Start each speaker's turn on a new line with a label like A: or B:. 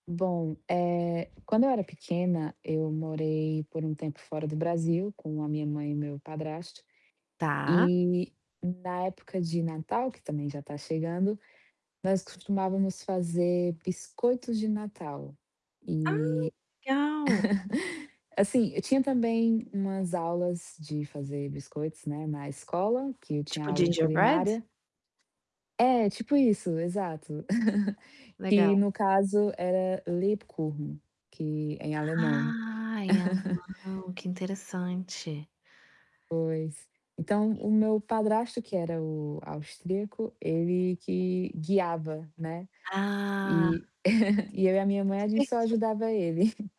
A: Bom, eh, quando eu era pequena, eu morei por um tempo fora do Brasil com a minha mãe e o meu padrasto
B: Tá.
A: e na época de Natal, que, também, já tá chegando, nós costumávamos fazer biscoitos de Natal.
B: Ah,
A: E
B: legal.
A: assim, eu tinha, também, umas aulas de fazer biscoitos, né, na escola, que eu tinha
B: Tipo,
A: aula de
B: ginger bread?
A: culinária. É, tipo isso, exato.
B: Legal.
A: E no caso era Lebkuchen, que é em alemão.
B: Ai, é o limão, que interessante.
A: Pois, então, o meu padrasto, que era o austríaco, ele que guiava, né.
B: Ah.
A: E e eu e a minha
B: Que
A: mãe, a gente só
B: diverti
A: ajudava ele.